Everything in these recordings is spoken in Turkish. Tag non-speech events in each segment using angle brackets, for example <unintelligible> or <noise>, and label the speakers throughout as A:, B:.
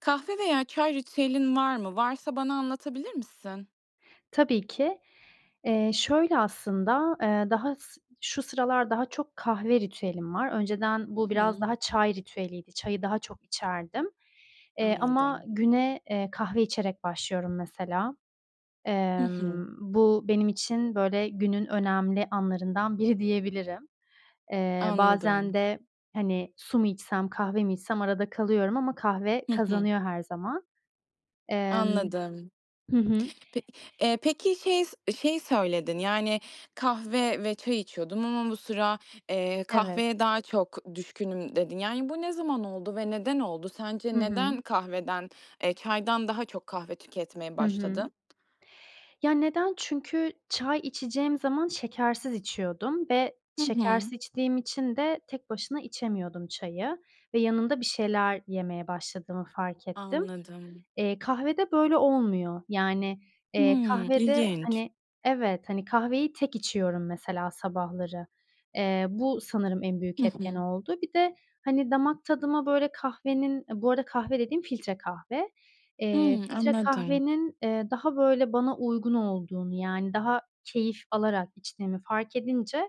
A: Kahve veya çay ritüelin var mı? Varsa bana anlatabilir misin?
B: Tabii ki. Eee, şöyle aslında, eee, daha s şu sıralar daha çok kahve ritüelim var. Önceden bu
A: Hı
B: biraz
A: hı.
B: daha çay ritüeliydi. Çayı daha çok içerdim. Eee, ama
A: Anladım.
B: güne, eee, kahve içerek başlıyorum mesela.
A: Hı
B: Emm,
A: hı.
B: bu benim için, böyle, günün önemli anlarından biri diyebilirim. Eee, bazen
A: Anladım.
B: de, hani, su mu içsem, kahve mi içsem arada kalıyorum ama kahve
A: Hı hı.
B: kazanıyor her zaman. Emm.
A: Anladım.
B: Hı hı.
A: Pe eee, peki şey şey söyledin, yani, "Kahve ve çay içiyordum ama bu sıra, eee,
B: Evet.
A: kahveye daha çok düşkünüm." dedin. Yani, bu ne zaman oldu ve neden oldu?
B: Hı
A: Sence neden
B: hı.
A: kahveden, eee, çaydan daha çok kahve tüketmeye
B: Hı hı.
A: başladın?
B: Ya neden? Çünkü çay içeceğim zaman şekersiz içiyordum ve
A: Hı hı.
B: şekersiz içtiğim için de tek başına içemiyordum çayı ve yanında bir şeyler yemeye başladığımı fark ettim.
A: Anladım.
B: Eee, kahvede, böyle, olmuyor. Yani, eee,
A: Hımm.
B: kahvede,
A: İlginç.
B: hani Evet, hani, kahveyi tek içiyorum, mesela, sabahları. Eee, bu sanırım en
A: Hı
B: büyük etken
A: hı.
B: oldu. Bir de, hani, damak tadıma, böyle, kahvenin Bu arada kahve dediğim filtre kahve, eee,
A: Hıı.
B: filtre
A: Anladım.
B: kahvenin, eee, daha, böyle, bana uygun olduğunu, yani, daha keyif alarak içtiğimi fark edince,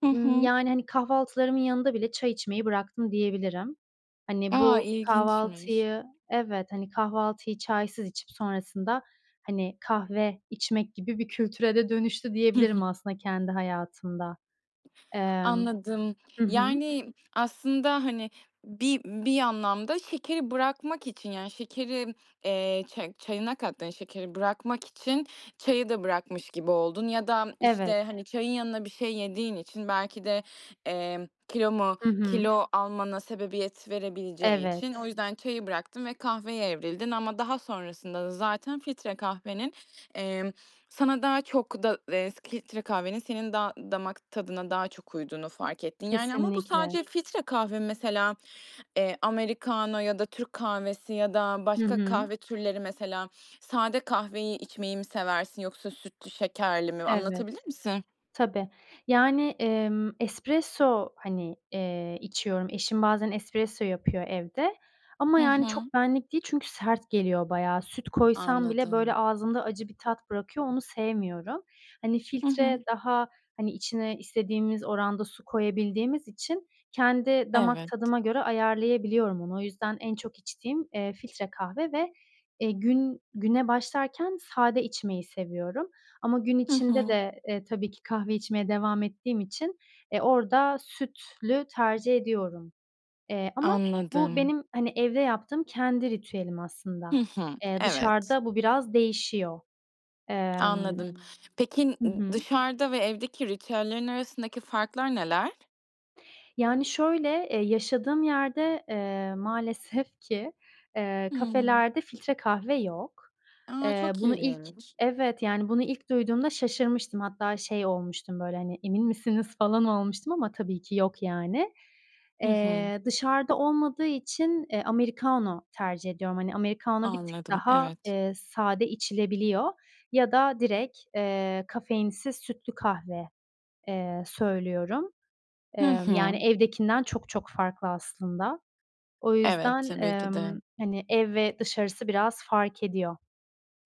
A: Hı
B: ımm,
A: hı.
B: yani, hani, kahvaltılarımın yanında bile çay içmeyi bıraktım diyebilirim. Hani,
A: A,
B: bu
A: ilginçmiş.
B: kahvaltıyı Evet, hani, kahvaltıyı çaysız içip sonrasında, hani, kahve içmek gibi bir kültüre de dönüştü
A: Hı hı.
B: diyebilirim aslında kendi hayatımda. Emm
A: Anladım.
B: Hı hı.
A: Yani, aslında, hani, bir bir anlamda şekeri bırakmak için, yani, şekeri, eee, çay çayına kattığın şekeri bırakmak için çayı da bırakmış gibi oldun ya da,
B: Evet.
A: işte, hani, çayın yanına bir şey yediğin için, belki de, emm, kilo mu
B: Hı hı.
A: kilo almana sebebiyet verebileceği için o
B: Evet.
A: yüzden çayı bıraktın ve kahveye evrildin ama daha sonrasında da zaten filtre kahvenin, emm, sana daha çok da eee, filtre kahvenin senin da damak tadına daha çok uyduğunu fark ettin, yani. Ama bu
B: Kesinlikle.
A: sadece filtre kahve mesela, eee, americano ya da Türk kahvesi ya da
B: Hı
A: başka
B: hı.
A: kahve türleri mesela sade kahveyi içmeyi mi seversin yoksa sütlü şekerli mi?
B: Evet,
A: Anlatabilir misin?
B: tabii. Yani, emm, espresso, hani, eee, içiyorum. Eşim bazen espresso yapıyor evde ama,
A: Hı
B: yani,
A: hı.
B: çok benlik değil çünkü sert geliyor bayağı. Süt koysam bile, böyle,
A: Anladım.
B: ağzımda acı bir tat bırakıyor, onu sevmiyorum. Hani,
A: Hı hı.
B: filtre daha, hani, içine istediğimiz oranda su koyabildiğimiz için kendi damak
A: Evet.
B: tadıma göre ayarlayabiliyorum onu. O yüzden en çok içtiğim, eee, filtre kahve ve, eee, gün güne başlarken sade içmeyi seviyorum. Ama gün
A: Hı
B: içinde
A: hı.
B: de, eee, tabii ki kahve içmeye devam ettiğim için, eee, orada sütlü tercih ediyorum. Eee, ama bu
A: Anladım.
B: benim, hani, evde yaptığım kendi ritüelim
A: Hı
B: aslında.
A: hı.
B: Eee,
A: Evet.
B: dışarıda bu biraz değişiyor. Emm
A: Anladım. Peki,
B: Hı
A: ı
B: hı.
A: dışarıda ve evdeki ritüellerin arasındaki farklar neler?
B: Yani, şöyle, eee, yaşadığım yerde, eee, maalesef ki, eee,
A: Hımm.
B: kafelerde filtre kahve yok.
A: A,
B: Eee,
A: çok
B: bunu ilk
A: ilginç.
B: Evet, yani, bunu ilk duyduğumda şaşırmıştım. Hatta şey olmuştum, böyle, hani, "Emin misiniz?" falan olmuştum ama tabii ki yok, yani.
A: Hı hı.
B: Eee, dışarıda olmadığı için, eee, americano tercih ediyorum. Hani, americano bir tık
A: Anladım,
B: daha,
A: evet.
B: eee, sade içilebiliyor ya da direkt, eee, kafeinsiz sütlü kahve, eee, söylüyorum.
A: Hı
B: Emm, yani,
A: hı.
B: evdekinden çok çok farklı aslında. O
A: Evet,
B: yüzden,
A: tabii ki
B: emm,
A: de.
B: hani, ev ve dışarısı biraz fark ediyor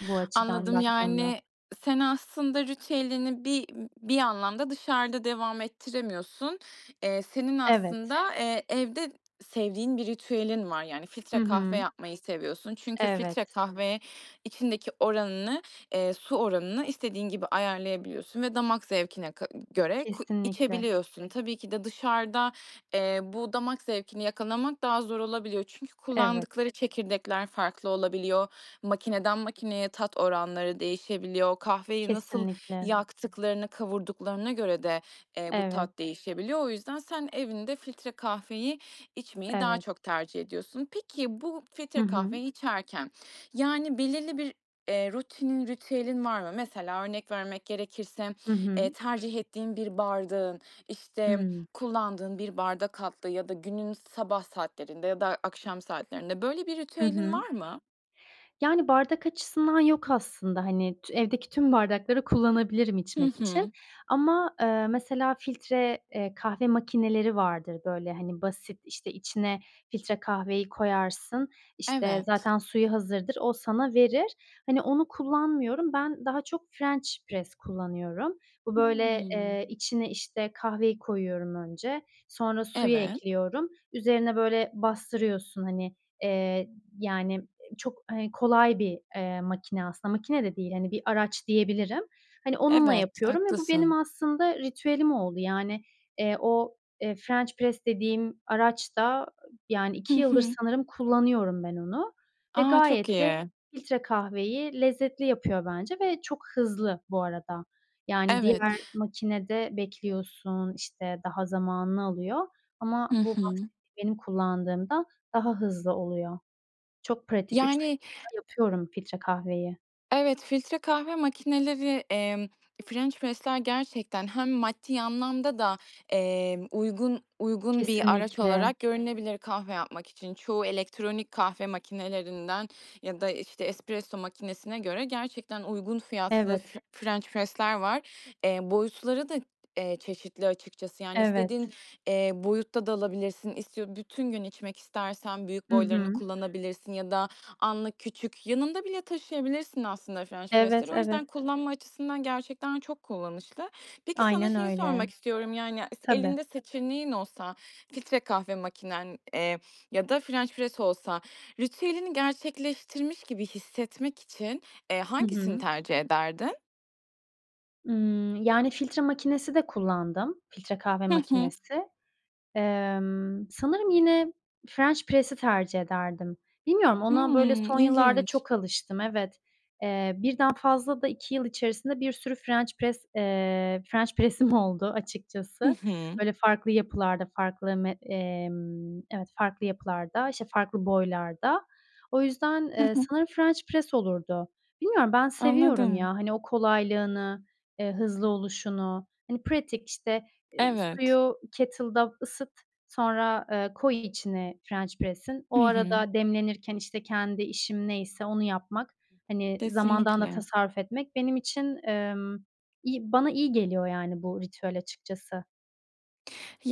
B: bu açıdan
A: Anladım,
B: baktığımda.
A: yani, sen aslında ritüelini bir bir anlamda dışarıda devam ettiremiyorsun. Eee, senin
B: Evet.
A: aslında, eee, evde sevdiğin bir ritüelin var. Yani
B: Hı
A: filtre kahve
B: hı.
A: yapmayı seviyorsun. Çünkü filtre
B: Evet.
A: kahve içindeki oranını, eee, su oranını istediğin gibi ayarlayabiliyorsun ve damak zevkine ka göre ku
B: Kesinlikle.
A: içebiliyorsun. Tabii ki de dışarıda, eee, bu damak zevkini yakalamak daha zor olabiliyor. Çünkü
B: Evet.
A: kullandıkları çekirdekler farklı olabiliyor. Makineden makineye tat oranları değişebiliyor. Kahveyi nasıl
B: Kesinlikle.
A: yaktıklarını, kavurduklarına göre de, eee, bu
B: Evet.
A: tat değişebiliyor. O yüzden sen evinde filtre kahveyi içmeyi daha
B: Evet.
A: çok tercih ediyorsun. Peki, bu
B: Hı
A: filtre
B: hı.
A: kahveyi içerken, yani, belirli bir, eee, rutinin, ritüelin var mı? Mesela örnek vermek gerekirse,
B: Hı
A: eee,
B: hı.
A: tercih ettiğin bir bardağın, işte,
B: Hımm.
A: kullandığın bir bardak altlığı ya da günün sabah saatlerinde ya da akşam saatlerinde, böyle, bir
B: Hı
A: ritüelin
B: hı.
A: var mı?
B: Yani, bardak açısından yok aslında, hani, t evdeki tüm bardakları kullanabilirim
A: Hı
B: içmek için
A: hı.
B: ama, ııı, mesela, filtre, eee, kahve makineleri vardır, böyle, hani, basit, işte, içine filtre kahveyi koyarsın, işte,
A: Evet.
B: zaten suyu hazırdır, o sana verir. Hani, onu kullanmıyorum. Ben daha çok french press kullanıyorum. Bu, böyle,
A: Hımm.
B: eee, içine, işte, kahveyi koyuyorum önce, sonra suyu
A: Evet.
B: ekliyorum, üzerine, böyle, bastırıyorsun, hani, eee, y yani, çok, hani, kolay bir, eee, makine aslında. Makine de değil, hani, bir araç diyebilirim. Hani, onunla
A: Evet,
B: yapıyorum ve bu benim
A: haklısın.
B: aslında ritüelim oldu. Yani, eee, o, eee, french press dediğim araç da, yani,
A: Hı
B: 2 yıldır
A: hı.
B: sanırım kullanıyorum ben onu ve
A: A, çok
B: gayet de
A: iyi.
B: filtre kahveyi lezzetli yapıyor bence ve çok hızlı bu arada. Yani,
A: Evet.
B: diğer makinede bekliyorsun, işte, daha zamanını alıyor ama
A: Hı
B: bu
A: hı.
B: <unintelligible> kullandığımda daha hızlı oluyor. Çok pratik, 3
A: Yani
B: dakikada yapıyorum filtre kahveyi.
A: Evet, filtre kahve makineleri, emm, Ffrench press'ler gerçekten hem maddi anlamda da, emm, uygun uygun bir araç
B: Kesinlikle.
A: olarak görünebilir kahve yapmak için. Çoğu elektronik kahve makinelerinden ya da, işte, espresso makinesine göre gerçekten uygun fiyatlı
B: Evet.
A: f french press'ler var. Eee, boyutları da, eee, çeşitli açıkçası, yani, istediğin,
B: Evet.
A: eee, boyutta da alabilirsin. İstiyo bütün gün içmek istersen büyük
B: Hı
A: boylarını
B: hı.
A: kullanabilirsin ya da anlık, küçük, yanında bile taşıyabilirsin aslında french press'leri.
B: Evet,
A: O
B: evet.
A: yüzden kullanma açısından gerçekten çok kullanışlı. Peki, sana
B: Aynen
A: şeyi
B: öyle.
A: sormak istiyorum, yani, s
B: Tabii.
A: elinde seçeneğin olsa, filtre kahve makinen, eee, ya da french press olsa ritüelini gerçekleştirmiş gibi hissetmek için, eee,
B: Hı
A: hangisini
B: hı.
A: tercih ederdin?
B: Imm, yani, filtre makinesi de kullandım, filtre kahve
A: Hı hı.
B: makinesi. Emm, sanırım yine french press'i tercih ederdim. Bilmiyorum, ona
A: Hıı,
B: böyle son yıllarda
A: ilginç.
B: çok alıştım, evet. Eee, 1'den fazla da 2 yıl içerisinde bir sürü french press, eee, french press'im oldu
A: Hı
B: açıkçası.
A: hı.
B: Böyle farklı yapılarda, farklı met emm, evet, farklı yapılarda, işte, farklı boylarda. O yüzden,
A: Hı
B: eee,
A: hı.
B: sanırım french press olurdu. Bilmiyorum, ben seviyorum ya.
A: Anladım.
B: Hani, o kolaylığını, eee, hızlı oluşunu, hani, pratik, işte,
A: Evet.
B: suyu kettle'da ısıt, sonra, eee, koy içine french press'in. O
A: Hı hı.
B: arada demlenirken, işte, kendi işim neyse onu yapmak, hani, zamandan da
A: Kesinlikle.
B: tasarruf etmek benim için, emm, iyi. Bana iyi geliyor, yani, bu ritüel açıkçası.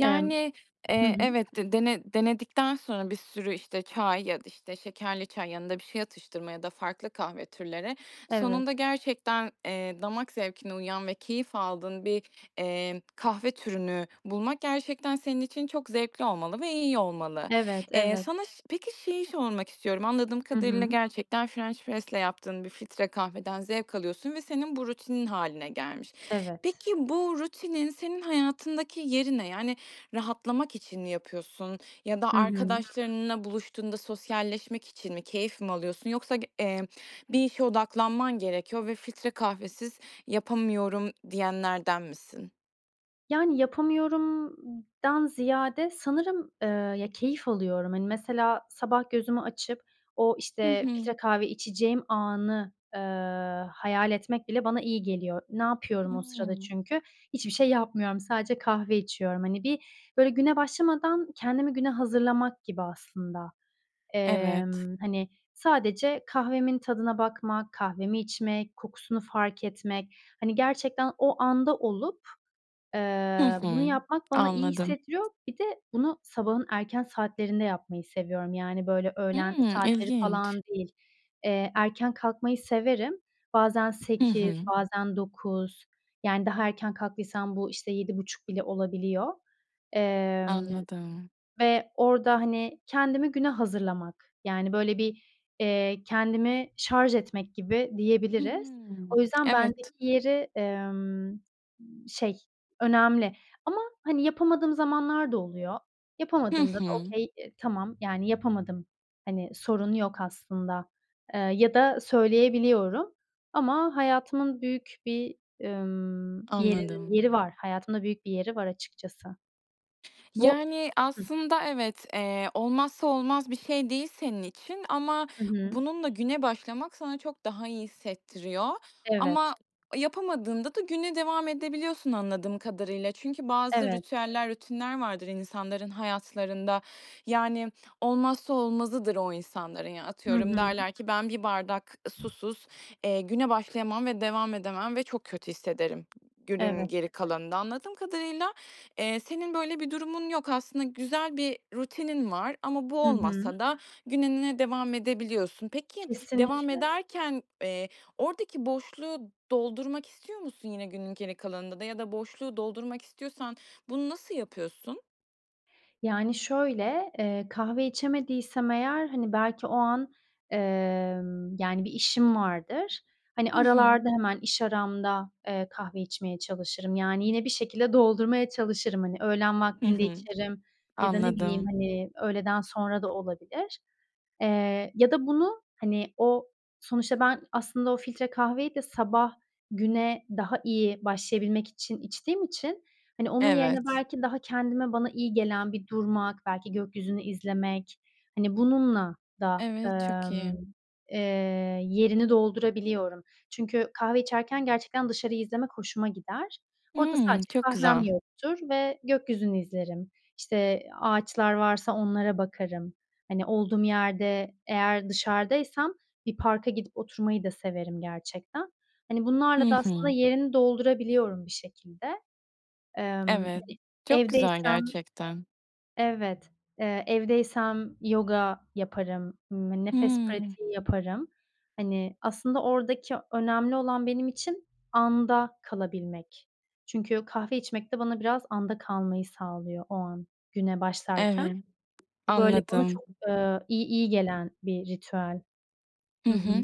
B: Emm, hı
A: eee,
B: hı.
A: evet, de dene denedikten sonra bir sürü işte çay ya da işte şekerli çay, yanında bir şey atıştırma ya da farklı kahve türleri, sonunda
B: Evet.
A: gerçekten, eee, damak zevkine uyan ve keyif aldığın bir, emm, kahve türünü bulmak gerçekten senin için çok zevkli olmalı ve iyi olmalı.
B: Evet,
A: Eee,
B: evet.
A: sana ş peki, şeyi sormak istiyorum. Anladığım
B: Hı
A: kadarıyla,
B: hı.
A: gerçekten french press'le yaptığın bir filtre kahveden zevk alıyorsun ve senin bu rutinin hâline gelmiş.
B: Evet.
A: Peki, bu rutinin senin hayatındaki yeri ne? Yani, rahatlamak için mi yapıyorsun ya da
B: Hı hı.
A: arkadaşlarınla buluştuğunda sosyalleşmek için mi? Keyif mi alıyorsun? Yoksa g eee, bir işe odaklanman gerekiyor ve “filtre kahvesiz yapamıyorum“ diyenlerden misin?
B: Yani, yapamıyorumdan ziyade sanırım, eee, ya, keyif alıyorum. Hani, mesela sabah gözümü açıp o,
A: Hı
B: işte,
A: hı.
B: filtre kahve içeceğim anı, eee, hayal etmek bile bana iyi geliyor. Ne yapıyorum o sırada
A: Hımm.
B: çünkü? Hiçbir şey yapmıyorum, sadece kahve içiyorum. Hani, bir, böyle, güne başlamadan kendimi güne hazırlamak gibi aslında.
A: Evet.
B: Emm, hani, sadece kahvemin tadına bakmak, kahvemi içmek, kokusunu fark etmek, hani, gerçekten o anda olup,
A: Hı
B: eee, bunu
A: hı.
B: yapmak bana iyi
A: Anladım.
B: hissettiriyor. Bir de bunu sabahın erken saatlerinde yapmayı seviyorum. Yani, böyle, öğlen
A: Hımm,
B: saatleri falan
A: ilginç.
B: değil. Eee, erken kalkmayı severim. Bazen
A: Hı
B: 8,
A: hı.
B: bazen 9, yani, daha erken kalktıysam bu, işte, 7.30 bile olabiliyor. Emm,
A: Anladım.
B: ve orada, hani, kendimi güne hazırlamak, yani, böyle, bir, eee, kendimi şarj etmek gibi diyebiliriz. O
A: Hımm.
B: yüzden
A: Evet.
B: bendeki yeri, emm, şey, önemli. Ama, hani, yapamadığım zamanlar da oluyor.
A: Hı
B: Yapamadığımda da
A: hı.
B: okay, tamam, yani, yapamadım. Hani, sorun yok aslında. Eee, ya da söyleyebiliyorum. Ama hayatımın büyük bir, emm, yeri
A: Anladım.
B: yeri var, hayatımda büyük bir yeri var açıkçası. Bu
A: Yani,
B: Hıh.
A: aslında evet, eee, olmazsa olmaz bir şey değil senin için ama
B: Hı hı.
A: bununla güne başlamak sana çok daha iyi hissettiriyor ama
B: Evet.
A: yapamadığında da güne devam edebiliyorsun anladığım kadarıyla. Çünkü bazı
B: Evet.
A: ritüeller, rutinler vardır insanların hayatlarında. Yani, olmazsa olmazıdır o insanların. Ya,
B: Hı
A: atıyorum
B: hı.
A: derler ki: "Ben bir bardak susuz, eee, güne başlayamam ve devam edemem ve çok kötü hissederim günün
B: Evet.
A: geri kalanında." Anladığım kadarıyla, eee, senin böyle bir durumun yok. Aslında güzel bir rutinin var ama bu
B: Hı hı.
A: olmazsa da gününe devam edebiliyorsun. Peki, devam
B: Kesinlikle.
A: ederken, eee, oradaki boşluğu doldurmak istiyor musun yine günün geri kalanında da ya da boşluğu doldurmak istiyorsan bunu nasıl yapıyorsun?
B: Yani, şöyle, eee, kahve içemediysem eğer, hani, belki o an, emm, yani, bir işim vardır. Hani,
A: Hı hı.
B: aralarda hemen, iş aramda, eee, kahve içmeye çalışırım. Yani, yine bir şekilde doldurmaya çalışırım. Hani, öğlen
A: Hı
B: vaktinde
A: hı,
B: içerim ya da ne bileyim,
A: anladım.
B: hani, öğleden sonra da olabilir. Eee, ya da bunu, hani, o, sonuçta ben aslında o filtre kahveyi de sabah güne daha iyi başlayabilmek için içtiğim için, hani, onun yerine
A: Evet.
B: belki daha kendime bana iyi gelen bir durmak, belki gökyüzünü izlemek, hani, bununla da,
A: Evet, çok
B: emm,
A: iyi.
B: eee, yerini doldurabiliyorum. Çünkü kahve içerken gerçekten dışarıyı izlemek hoşuma gider. Orada
A: Hımm,
B: sadece
A: çok
B: kahvem
A: güzel.
B: yoktur ve gökyüzünü izlerim. İşte, ağaçlar varsa onlara bakarım. Hani, olduğum yerde eğer dışarıdaysam bir parka gidip oturmayı da severim gerçekten. Hani,
A: Hı
B: bunlarla da aslında
A: hı.
B: yerini doldurabiliyorum bir şekilde. Emm, yani,
A: Evet, çok güzel
B: evdeysem
A: gerçekten.
B: Evet. Eee, evdeysem yoga yaparım, ımm, nefes
A: Hımm.
B: pratiği yaparım. Hani, aslında oradaki önemli olan benim için anda kalabilmek. Çünkü kahve içmek de bana biraz anda kalmayı sağlıyor o an güne başlarken.
A: Evet.
B: Bu böyle bana
A: Anladım.
B: çok, eee, iyi iyi gelen bir ritüel.
A: Hı
B: Hı hı.
A: hı.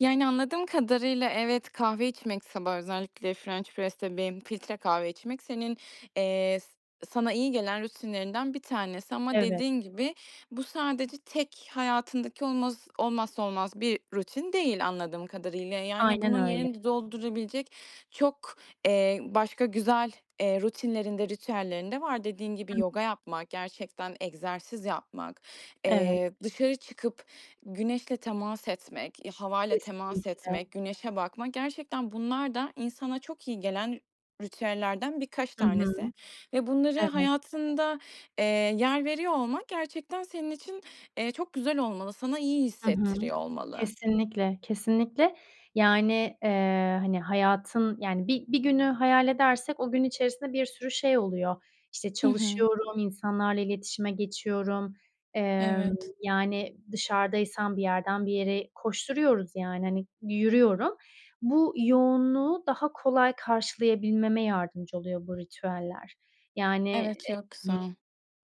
A: Yani, anladığım kadarıyla evet, kahve içmek sabah özellikle french press'te benim filtre kahve içmek senin, eee, s sana iyi gelen rutinlerinden 1 tanesi ama
B: Evet.
A: dediğin gibi bu sadece tek hayatındaki olmaz olmazsa olmaz bir rutin değil anladığım kadarıyla. Yani,
B: Aynen
A: bunun
B: öyle.
A: yerini doldurabilecek çok, eee, başka güzel, eee, rutinlerin de, ritüellerin de var. Dediğin gibi
B: Hıı.
A: yoga yapmak, gerçekten egzersiz yapmak,
B: Evet.
A: eee, dışarı çıkıp güneşle temas etmek, eee, havayla temas
B: Kesinlikle.
A: etmek, güneşe bakmak, gerçekten bunlar da insana çok iyi gelen ritüellerden birkaç
B: Hı
A: tanesi
B: hı,
A: ve bunları
B: evet.
A: hayatında, eee, yer veriyor olmak gerçekten senin için, eee, çok güzel olmalı, sana iyi
B: Hı hı.
A: hissettiriyor olmalı.
B: Kesinlikle, kesinlikle. Yani, eee, hani, hayatın, yani, bir bir günü hayal edersek o gün içerisinde bir sürü şey oluyor. İşte,
A: Hı hı.
B: çalışıyorum, insanlarla iletişime geçiyorum. Emm,
A: Evet.
B: yani, dışarıdaysam bir yerden bir yere koşturuyoruz, yani, hani, yürüyorum. Bu yoğunluğu daha kolay karşılayabilmeme yardımcı oluyor bu ritüeller. Yani,
A: Evet,
B: eee,
A: çok
B: <unintelligible>
A: güzel.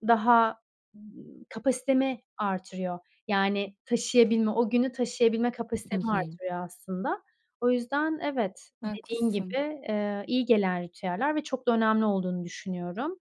B: daha kapasitemi arttırıyor. Yani, taşıyabilme, o günü taşıyabilme
A: I
B: kapasitemi
A: hı.
B: arttırıyor aslında. O yüzden evet, dediğin gibi,
A: Haklısın.
B: eee, iyi gelen ritüeller ve çok da önemli olduğunu düşünüyorum.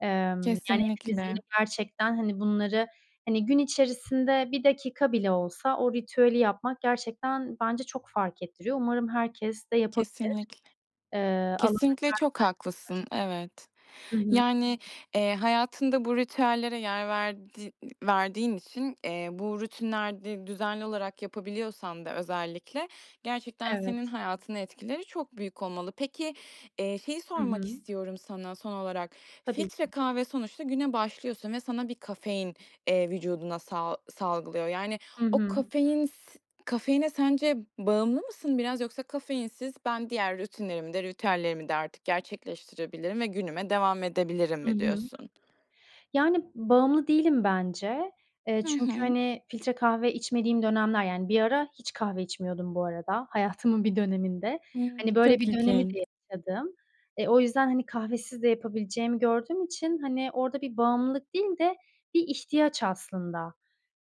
B: Emm, yani, hepimizin
A: Kesinlikle.
B: gerçekten, hani, bunları, hani, gün içerisinde 1 dakika bile olsa o ritüeli yapmak gerçekten bence çok fark ettiriyor. Umarım herkes de yapabilir.
A: Kesinlikle.
B: Eee, alan açar
A: Kesinlikle çok haklısın. Evet.
B: bence başka. Hı hı.
A: Yani, eee, hayatında bu ritüellere yer verdiği verdiğin için, eee, bu rutinleri düzenli olarak yapabiliyorsan da özellikle, gerçekten senin
B: Evet.
A: hayatına etkileri çok büyük olmalı. Peki, eee, şeyi
B: I
A: sormak
B: hı.
A: istiyorum sana son olarak.
B: Tabii
A: Filtre
B: ki.
A: kahve sonuçta güne başlıyorsun ve sana bir kafein, eee, vücuduna sa salgılıyor. Yani,
B: Hı
A: o
B: hı.
A: kafein s kafeine sence bağımlı mısın biraz yoksa kafeinsiz ben diğer rutinlerimi de ritüellerimi de artık gerçekleştirebilirim ve günüme devam edebilirim
B: Hı
A: mi
B: hı.
A: diyorsun?
B: Yani, bağımlı değilim bence. Eee,
A: Hı
B: çünkü,
A: hı.
B: hani, filtre kahve içmediğim dönemler, yani, bir ara hiç kahve içmiyordum bu arada hayatımın bir döneminde. Hani,
A: Hımm,
B: böyle
A: çok
B: bir dönemi
A: ilginç.
B: de yaşadım. Eee, o yüzden, hani, kahvesiz de yapabileceğimi gördüğüm için, hani, orada bir bağımlılık değil de bir ihtiyaç aslında.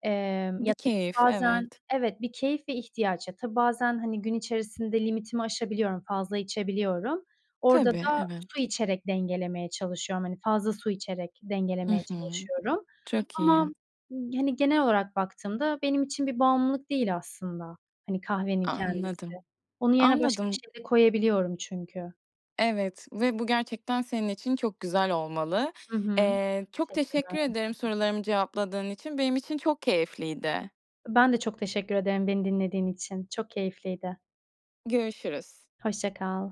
B: Emm,
A: Bir
B: ya da
A: keyif,
B: bazen
A: evet.
B: Evet, bir keyif ve ihtiyaç. Tabii bazen, hani, gün içerisinde limitimi aşabiliyorum, fazla içebiliyorum. Orada
A: Tabii,
B: da su
A: evet.
B: içerek dengelemeye çalışıyorum. Hani, fazla su içerek
A: I
B: dengelemeye
A: hı.
B: çalışıyorum.
A: Çok
B: Ama,
A: iyi.
B: hani, genel olarak baktığımda benim için bir bağımlılık değil aslında. Hani, kahvenin kendisi.
A: Anladım,
B: Onun yerine başka bir
A: anladım.
B: şey de koyabiliyorum çünkü.
A: Evet ve bu gerçekten senin için çok güzel olmalı.
B: Hı hı,
A: Eee, çok
B: teşekkürler.
A: teşekkür ederim sorularımı cevapladığın için. Benim için çok keyifliydi.
B: Ben de çok teşekkür ederim beni dinlediğin için. Çok keyifliydi.
A: Görüşürüz.
B: Hoşça kal.